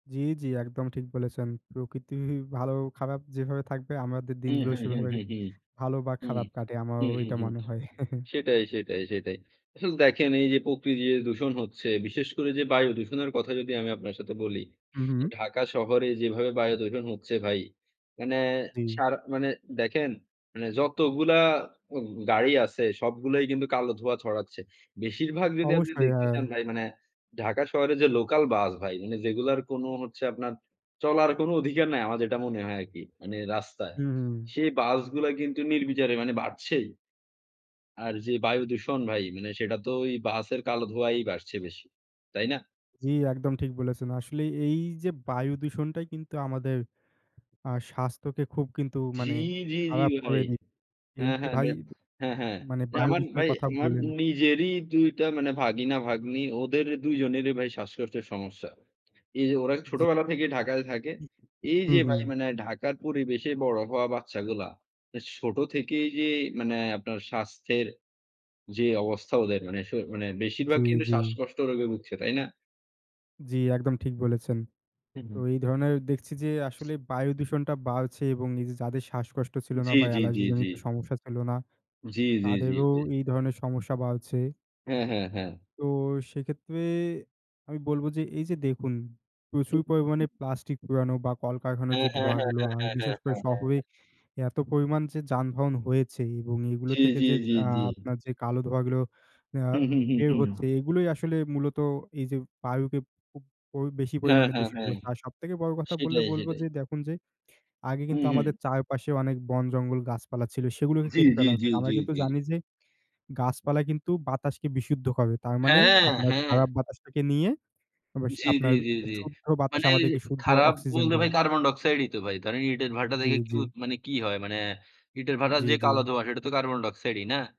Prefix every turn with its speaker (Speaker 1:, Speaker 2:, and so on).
Speaker 1: জি, জি, একদম ঠিক বলেছেন। প্রকৃতি ভালো খারাপ যেভাবে থাকবে আমাদের
Speaker 2: উহু,
Speaker 1: দিনগুলো
Speaker 2: হুম, হুম,
Speaker 1: সেভাবে
Speaker 2: হুম,
Speaker 1: ভালো বা
Speaker 2: উ
Speaker 1: খারাপ কাটে। আমারও
Speaker 2: হুম, হুম,
Speaker 1: ওইটা
Speaker 2: হুম,
Speaker 1: মনে হয়।
Speaker 2: সেটাই, সেটাই, সেটাই। আসলে দেখেন এই যে প্রকৃতি দূষণ হচ্ছে বিশেষ করে যে বায়ু দূষণের কথা যদি আমি আপনার সাথে বলি।
Speaker 1: হু, হু।
Speaker 2: ঢাকা শহরে যেভাবে বায়ু দূষণ হচ্ছে ভাই, মানে
Speaker 1: জি।
Speaker 2: সারা মানে দেখেন মানে যতগুলা উ গাড়ি আছে, সবগুলাই কিন্তু কালো ধোঁয়া ছড়াচ্ছে। বেশিরভাগ যদি আপনি
Speaker 1: অবশ্যই,
Speaker 2: দেখতে
Speaker 1: হ্যাঁ।
Speaker 2: চান ভাই মানে ঢাকা শহরে যে লোকাল বাস ভাই মানে যেগুলার কোনো হচ্ছে আপনার চলার কোন অধিকার নাই। আমার যেটা মনে হয় আরকি। মানে রাস্তায়।
Speaker 1: হু, হু।
Speaker 2: সেই বাসগুলা কিন্তু নির্বিচারে মানে বাড়ছেই। আর যে বায়ুদূষণ ভাই, মানে সেটা তো ওই বাসের কালো ধোঁয়ায় বাড়ছে বেশি। তাই না?
Speaker 1: জি, একদম ঠিক বলেছেন। আসলে এই যে বায়ু দূষণটাই কিন্তু আমাদের আ স্বাস্থ্যকে খুব কিন্তু
Speaker 2: জি,
Speaker 1: মানে
Speaker 2: জি, জি
Speaker 1: খারাপ
Speaker 2: ভাই।
Speaker 1: করে দি
Speaker 2: হ্যাঁ,
Speaker 1: দিনকে
Speaker 2: হ্যাঁ,
Speaker 1: ভাই
Speaker 2: মেট হ্যাঁ, হ্যাঁ।
Speaker 1: মানে
Speaker 2: নে
Speaker 1: বায়ু
Speaker 2: আমার
Speaker 1: দূষণের
Speaker 2: ভাই
Speaker 1: কথা
Speaker 2: আমার
Speaker 1: বললেন।
Speaker 2: নিজেরই ২ টা মানে ভাগিনা-ভাগ্নি ওদের ২ জনেরই ভাই শ্বাসকষ্টের সমস্যা। এই যে ওরা
Speaker 1: জি।
Speaker 2: ছোটবেলা থেকেই ঢাকায় থাকে।
Speaker 1: হু,
Speaker 2: এই
Speaker 1: হু,
Speaker 2: যে ভাই
Speaker 1: হু।
Speaker 2: মানে ঢাকার পরিবেশে বড় হওয়া বাচ্চাগুলা ছোট থেকেই যে মানে আপনার স্বাস্থ্যের যে অবস্থা ওদের মানে স মানে
Speaker 1: জি,
Speaker 2: বেশিরভাগ কিন্তু
Speaker 1: জি।
Speaker 2: শ্বাসকষ্ট রোগে ভুগছে। তাই না?
Speaker 1: জি, একদম ঠিক বলেছেন।
Speaker 2: হু,
Speaker 1: তো
Speaker 2: হু।
Speaker 1: এই ধরনের দেখছি যে আসলে বায়ু দূষণটা বাড়ছে এবং এইযে যাদের শ্বাসকষ্ট ছিল না
Speaker 2: জি,
Speaker 1: বা
Speaker 2: জি, জি,
Speaker 1: অ্যালার্জি
Speaker 2: জি।
Speaker 1: জনিত সমস্যা ছিল না
Speaker 2: জি, জি, জি,
Speaker 1: তাদেরও
Speaker 2: জি।
Speaker 1: এই ধরনের সমস্যা বাড়ছে।
Speaker 2: হ্যাঁ, হ্যাঁ, হ্যাঁ।
Speaker 1: তো সেক্ষেত্রে আমি বলব যে এই যে দেখুন, প্রচুর পরিমাণে প্লাস্টিক পোড়ানো বা কলকারখানার
Speaker 2: হ্যাঁ,
Speaker 1: যে
Speaker 2: হ্যাঁ,
Speaker 1: ধোঁয়া
Speaker 2: হ্যাঁ,
Speaker 1: গুলো
Speaker 2: হ্যাঁ,
Speaker 1: আর
Speaker 2: হ্যাঁ, হ্যাঁ,
Speaker 1: বিশেষ করে
Speaker 2: হ্যাঁ,
Speaker 1: শহরে
Speaker 2: হ্যাঁ।
Speaker 1: এত পরিমাণ যে যানবাহন হয়েছে এবং এগুলো
Speaker 2: জি,
Speaker 1: থেকে
Speaker 2: জি,
Speaker 1: যে
Speaker 2: জি,
Speaker 1: আ
Speaker 2: জি।
Speaker 1: আপনার যে কালো ধোঁয়া গুলো আ
Speaker 2: হুম, হুম, হুম,
Speaker 1: বের
Speaker 2: হুম।
Speaker 1: হচ্ছে এগুলোই আসলে মূলত এই যে বায়ুকে খুব পুপ প বেশি
Speaker 2: হ্যাঁ,
Speaker 1: পরিমাণে
Speaker 2: হ্যাঁ,
Speaker 1: দূষিত
Speaker 2: হ্যাঁ।
Speaker 1: করছে। আর সবথেকে বড় কথা বললে
Speaker 2: সেটাই,
Speaker 1: বলবো
Speaker 2: সেটাই।
Speaker 1: যে দেখুন যে আগে
Speaker 2: হু,
Speaker 1: কিন্তু আমাদের
Speaker 2: হু।
Speaker 1: চারপাশে অনেক বন-জঙ্গল গাছপালা ছিল সেগুলোকে
Speaker 2: জি,
Speaker 1: কেটে
Speaker 2: জি,
Speaker 1: ফেলা
Speaker 2: জি,
Speaker 1: হচ্ছে। আমরা
Speaker 2: জি,
Speaker 1: কিন্তু
Speaker 2: জি।
Speaker 1: জানি যে গাছপালা কিন্তু বাতাসকে বিশুদ্ধ করে। তার মানে
Speaker 2: হ্যাঁ,
Speaker 1: আপনার
Speaker 2: হ্যাঁ।
Speaker 1: খারাপ বাতাসটাকে নিয়ে আবাস
Speaker 2: জি, জি,
Speaker 1: আপনার
Speaker 2: জি, জি।
Speaker 1: শুদ্ধ বাতাস
Speaker 2: মানে
Speaker 1: আমাদেরকে শুদ্ধ
Speaker 2: খারাপ
Speaker 1: অক্সিজেন
Speaker 2: বলতে ভাই
Speaker 1: দেয়।
Speaker 2: কার্বন ডাইঅক্সাইডই তো ভাই। ধরেন, ইটের ভাটা
Speaker 1: জি,
Speaker 2: দেখে কি
Speaker 1: জি।
Speaker 2: উৎ মানে কি হয়? মানে ইটের ভাঁটা
Speaker 1: জি,
Speaker 2: যে কালো
Speaker 1: জি।
Speaker 2: ধোঁয়া সেটা তো কার্বন ডাইঅক্সাইডই না?